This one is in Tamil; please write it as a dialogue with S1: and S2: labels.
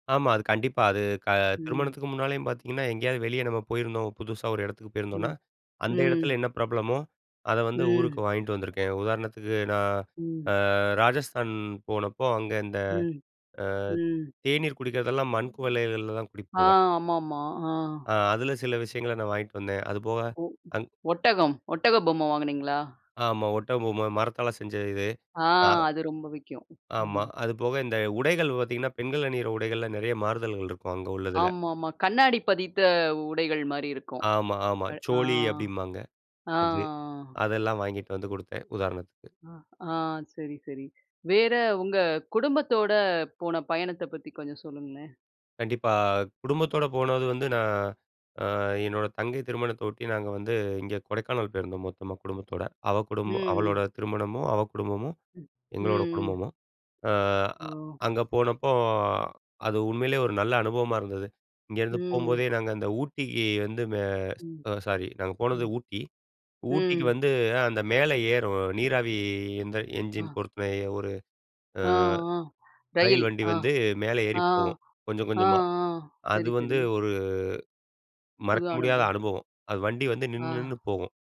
S1: ஆமா. அது கண்டிப்பா. அது க
S2: ம்.
S1: திருமணத்துக்கு முன்னாலேயும் பாத்தீங்கன்னா, எங்கயாது வெளிய நம்ம போயிருந்தோம். புதுசா ஒரு இடத்துக்கு போயிருந்தோம்ன்னா,
S2: ம்,
S1: அந்த
S2: ம்.
S1: இடத்துல என்ன பிரபலமோ அத வந்து ஊருக்கு
S2: ம்.
S1: வாங்கிட்டு வந்துருக்கேன். உதாரணத்துக்கு நான்
S2: ம்.
S1: அ ராஜஸ்தான் போனப்போ, அங்க இந்த அ
S2: ம், ம்.
S1: தேநீர் குடிக்கறதெல்லாம் மண் குவளைகள்ல தான்
S2: ஆ
S1: குடிப்பாங்க.
S2: ஆமாமா. ஆ.
S1: அ அதுல சில விஷயங்கள நான் வாங்கிட்டு வந்தேன். அதுபோக
S2: ஒ
S1: அங்
S2: ஒட்டகம், ஒட்டக பொம்ம வாங்குனீங்களா?
S1: ஆமா. ஒட்டக பொம்ம மரத்தால செஞ்ச இது.
S2: ஆ
S1: ஆ.
S2: அது ரொம்ப விக்கும்.
S1: ஆமா.
S2: ம்.
S1: அது போக இந்த உடைகள் பாத்தீங்கன்னா, பெண்கள் அணியிற உடைகள்ல நெறைய மாறுதல்கள் இருக்கும், அங்க உள்ளதுல.
S2: ஆமாமா. கண்ணாடி பதித்த உடைகள் மாரி இருக்கும்.
S1: ஆமா, ஆமா.
S2: [unintelligible] ஆ,
S1: 'சோளி' அப்டிம்பாங்க,
S2: ஆ.
S1: அது. அதெல்லாம் வாங்கிட்டு வந்து குடுத்தேன், உதாரணத்துக்கு.
S2: ஆ. ஆ செரி, செரி. வேற உங்க குடும்பத்தோட போன பயணத்த பத்தி கொஞ்சம் சொல்லுங்களேன்?
S1: கண்டிப்பா. குடும்பத்தோட போனது வந்து நான் அ என்னோட தங்கை திருமணத்த ஒட்டி நாங்க வந்து இங்க கொடைக்கானல் போயிருந்தோம் மொத்தமா குடும்பத்தோட. அவ குடும்போ அவளோட
S2: ம்.
S1: திருமணமும், அவ குடும்பமும்,
S2: ம். ம்,
S1: எங்களோட
S2: ம்.
S1: குடும்பமும். ஆ, அ
S2: ஓ.
S1: அங்க போனப்போ, அது உண்மையிலே ஒரு நல்ல அனுபவமா இருந்தது. இங்கேருந்து
S2: ம்.
S1: போம்போதே நாங்க அந்த ஊட்டிக்கி வந்து, மே
S2: ம்.
S1: சாரி, நாங்க போனது
S2: ம்.
S1: ஊட்டி. ஊட்டிக்கு
S2: ம்.
S1: வந்து அ அந்த மேல ஏறும், நீராவி இந்த என்ஜின்
S2: அ.
S1: பொறுத்துன ஒரு அ
S2: அ, ஆ.
S1: ரயில்
S2: ரயில்
S1: வண்டி
S2: ஆ,
S1: வந்து மேல ஏறி
S2: ஆ.
S1: போகும் கொஞ்சம்,
S2: ஆ, ஆ
S1: கொஞ்சமா. அது
S2: செரி,
S1: வந்து
S2: செரி.
S1: ஒரு
S2: புது
S1: மறக்க முடியாத
S2: அனுபவ்
S1: அனுபவம். அது வண்டி வந்து நின்னு, நின்னு
S2: ஆ.
S1: போகும்.